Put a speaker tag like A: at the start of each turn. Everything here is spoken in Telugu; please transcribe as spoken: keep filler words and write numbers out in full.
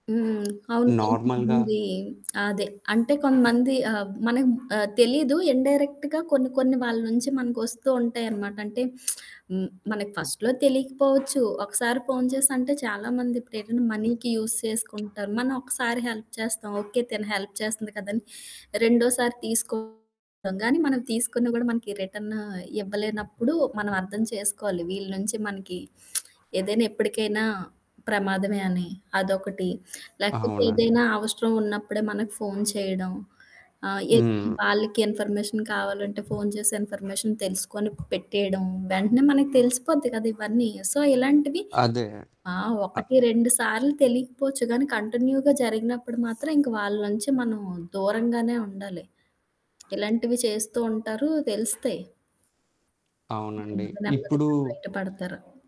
A: హ్మ్. అవును.
B: నార్మల్‌గా.
A: కొంతమంది అదే. అంటే కొంతమంది ఆబ్ మనకు ఆహ్, తెలీదు. ఇన్‌డై‌రెక్ట్‌గా కొన్ని, కొన్ని వాళ్ళ నుంచి మనకొస్తూ ఉంటాయి అనమాట. అంటే హ్మ్. మనకి
B: హ్మ్.
A: ఫస్ట్‌లో తెలియకపోవచ్చు, ఒకసారి ఫోను చేసి, అంటే చాలామంది ఇప్పుడు ఏదైనా మనీకి యూజ్ చేసుకుంటారు. మనం ఒకసారి హెల్ప్ చేస్తాం, ఓకే. తిను హెల్ప్ చేస్తుంది కదా అని, రెండోసారి తీసుకుంటాం. గానీ మనం తీసుకొని కూడా మనకి రిటర్న్ ఇవ్వలేనప్పుడు, మనం అర్థం చేసుకోవాలి. వీళ్ళ నుంచి మనకి ఏదైనా ఎప్పటికైనా ప్రమాదమే అని. అదొకటి. లేకపోతే
B: అవునండి.
A: ఏదైనా అవసరం ఉన్నప్పుడే మనకు ఫోను చేయడం, ఆహ్,
B: హ్మ్.
A: ఏదైనా వాళ్ళకి ఇన్‌ఫర్మేషన్ కావాలంటే, ఫోను చేసి ఇన్ఫర్మేషన్ తెలుసుకొని పెట్టేయడం. వెంటనే మనకి తెలిసిపోద్ది కదా ఇవన్నీ. సో, ఇలాంటివి
B: అదే.
A: ఆ!
B: అ
A: ఒకటి రెండు సార్లు తెలియకపోవచ్చు గానీ, కంటిన్యూగా జరిగినప్పుడు మాత్రం ఇంక వాళ్ళ నుంచి మనం దూరంగానే ఉండాలి. ఇలాంటివి చేస్తూ ఉంటారు తెలుస్తాయి.
B: అవునండి.
A: నెమ్మది,
B: ఇప్పుడు
A: నెమ్మదిగా బయటపడతారు.